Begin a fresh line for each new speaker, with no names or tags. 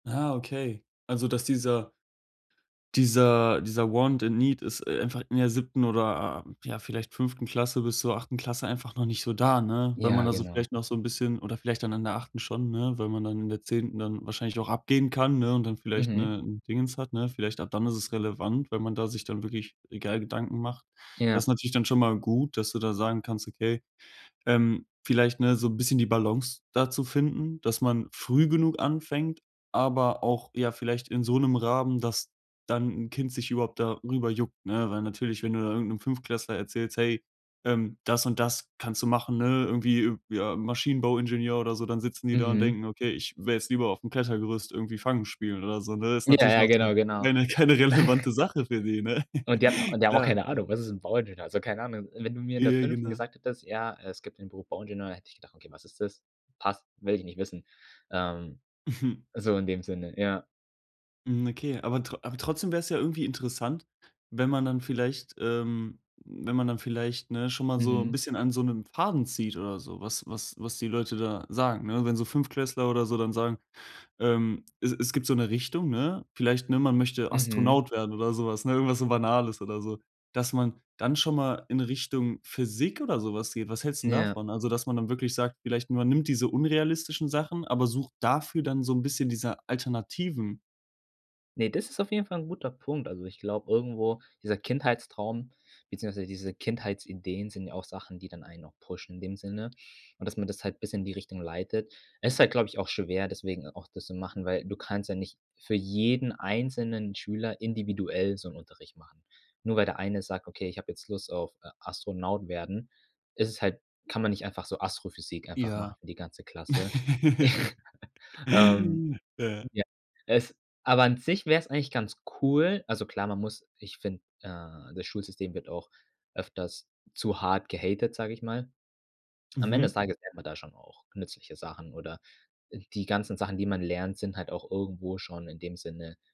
Ah, okay. Also, dass dieser dieser dieser want and need ist einfach in der 7. oder, ja, vielleicht 5. Klasse bis zur 8. Klasse einfach noch nicht so da, ne? Weil man
Ja,
da
genau.
vielleicht noch so 'n bisschen oder vielleicht dann in der 8. schon, ne, weil man dann in der 10. dann wahrscheinlich auch abgehen kann, ne, und vielleicht,
Mhm.
ne, 'n Dingens hat, ne? Vielleicht ab dann ist es relevant, weil man da sich dann wirklich egal Gedanken macht. Das ist
Ja.
natürlich dann schon mal gut, dass du da sagen kannst, okay, ähm, vielleicht, ne, so 'n bisschen die Balance da zu finden, dass man früh genug anfängt, aber auch, ja, vielleicht in so 'nem Rahmen, dass dann 'n Kind sich überhaupt darüber juckt, ne? Weil natürlich, wenn du da irgend 'nem Fünftklässler erzählst: „Hey, ähm, das und das kannst du machen, ne? Irgendwie, äh, ja, Maschinenbauingenieur oder so“, dann sitzen die da und
Mhm.
denken: „Okay, ich wäre jetzt lieber auf dem Klettergerüst irgendwie Fangen spielen“, oder so ne? Das ist
Ja,
natürlich
ja,
noch so
genau, genau.
keine keine relevante Sache für die, ne?
Und die hatten die haben auch
Klar,
keine
okay.
Ahnung, „was ist 'n Bauingenieur,“ also, keine Ahnung. Wenn du mir in
Ja,
der
ja,
5.
genau.
gesagt hättest: „Ja, es gibt den Beruf Bauingenieur“, hätte ich gedacht: „Okay, was ist das? Passt, will ich nicht wissen.“ Ähm, so in dem Sinne, ja.
Mhm, okay, aber trot aber trotzdem wär's ja irgendwie interessant, wenn man dann vielleicht, ähm wenn man dann vielleicht, ne, schon mal so 'n
Mhm.
bisschen an so 'nem Faden zieht oder so, was was was die Leute da sagen, ne? Wenn so Fünftklässler oder so dann sagen, ähm es es gibt so 'ne Richtung, ne? Vielleicht, ne, man möchte
Mhm.
Astronaut werden oder sowas, ne, irgendwas so Banales oder so. Dass man dann schon mal in Richtung Physik oder so was geht. Was hältst 'n
Ja.
davon? Also, dass man dann wirklich sagt, vielleicht: Man nimmt diese unrealistischen Sachen, aber sucht dafür dann so 'n bisschen diese Alternativen.
Ne, das ist auf jeden Fall 'n guter Punkt. Also, ich glaube irgendwo dieser Kindheitstraum, beziehungsweise diese Kindheitsideen sind ja auch Sachen, die dann einen noch pushen in dem Sinne und dass man das halt bis in die Richtung leitet. Es ist halt, glaube ich, auch schwer, deswegen auch das zu machen, weil du kannst ja nicht für jeden einzelnen Schüler individuell so 'n Unterricht machen. Nur weil der eine sagt: „Okay, ich habe jetzt Lust auf, äh, Astronaut werden,“ ist es halt kann man nicht einfach so Astrophysik einfach machen
Ja.
für die ganze Klasse. Ähm,
Ja.
ja, es aber an sich wär's eigentlich ganz cool also, klar, man muss ich finde, äh, das Schulsystem wird auch öfters zu hart gehatet, sage ich mal. Am Ende
Mhm.
des Tages lernt man da schon auch nützliche Sachen oder, äh, die ganzen Sachen, die man lernt, sind halt auch irgendwo schon in dem Sinne